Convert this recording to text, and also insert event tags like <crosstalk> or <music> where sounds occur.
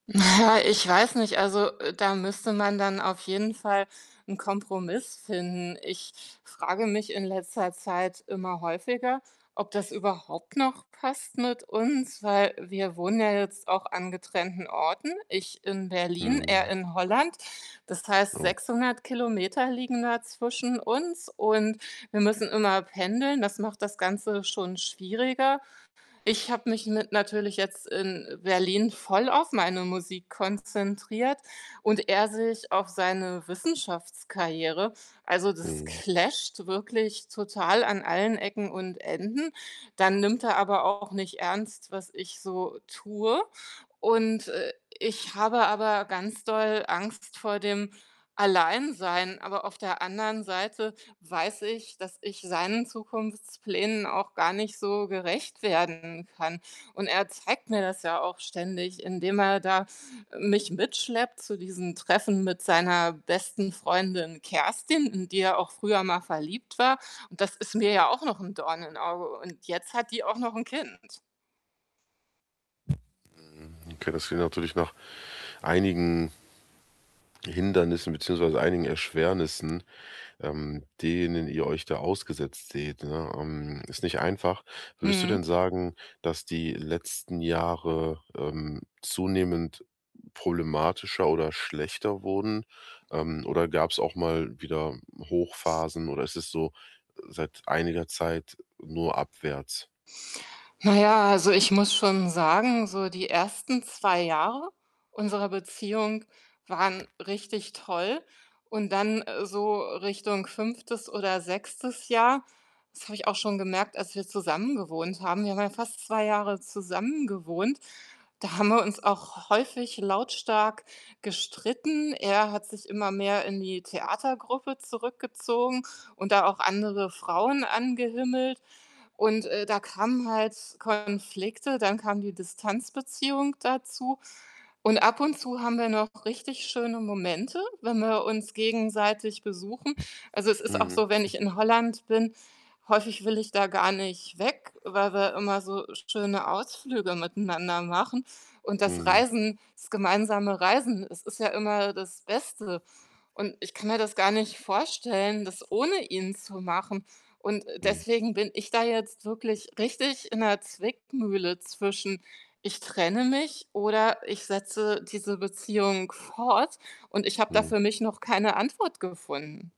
Na ja, ich weiß nicht. Also, äh, da müsste man dann auf jeden Fall 'n Kompromiss finden. Ich frage mich in letzter Zeit immer häufiger, ob das überhaupt noch passt mit uns, weil wir wohnen ja jetzt auch an getrennten Orten. Ich in Berlin, er Mhm. in Holland. Das heißt, Oh. 600 km liegen da zwischen uns, und wir müssen immer pendeln. Das macht das Ganze schon schwieriger. Ich habe mich mit natürlich jetzt in, äh, Berlin voll auf meine Musik konzentriert und er sich auf seine Wissenschaftskarriere. Also, das Mhm. clasht wirklich total an allen Ecken und Enden. Dann nimmt er aber auch nicht ernst, was ich so tue und, äh, ich habe aber ganz doll Angst vor dem Alleinsein, aber auf der anderen Seite weiß ich, dass ich seinen Zukunftsplänen auch gar nicht so gerecht werden kann und er zeigt mir das ja auch ständig, indem er da mich mitschleppt zu diesen Treffen mit seiner besten Freundin Kerstin, in die er auch früher mal verliebt war. Und das ist mir ja auch noch 'n Dorn in Auge und jetzt hat die auch noch 'n Kind. Mhm. Okay, das klingt natürlich nach einigen ge Hindernissen beziehungsweise einigen Erschwernissen, ähm, denen ihr euch da ausgesetzt seht, ne? Ähm, ist nicht einfach. Würdest du denn Mhm. sagen, dass die letzten Jahre, ähm, zunehmend problematischer oder schlechter wurden, ähm, oder gab's auch mal wieder Hochphasen oder ist es so, seit einiger Zeit nur abwärts? Na ja, also, ich muss schon sagen, so die ersten 2 Jahre unserer Beziehung waren richtig toll und dann, äh, so Richtung 5. oder 6. Jahr das habe ich auch schon gemerkt, als wir zusammengewohnt haben. Wir haben ja fast 2 Jahre zusammengewohnt. Da haben wir uns auch häufig lautstark gestritten. Er hat sich immer mehr in die Theatergruppe zurückgezogen und da auch andere Frauen angehimmelt, und, äh, da kamen halt Konflikte, dann kam die Distanzbeziehung dazu und ab und zu haben wir noch richtig schöne Momente, wenn wir uns gegenseitig besuchen. Also, es ist auch Mhm. so, wenn ich <snorts> in Holland bin häufig will ich da gar nicht weg, weil wir immer so schöne Ausflüge miteinander machen und das Mhm. Reisen das gemeinsame Reisen, es ist ja immer das Beste und ich kann mir das gar nicht vorstellen, das ohne ihn zu machen und, äh, Mhm. deswegen bin ich da jetzt wirklich richtig in 'ner Zwickmühle zwischen: „Ich trenne mich“ oder „ich setze diese Beziehung fort“, und ich habe da Mhm. für mich noch keine Antwort gefunden?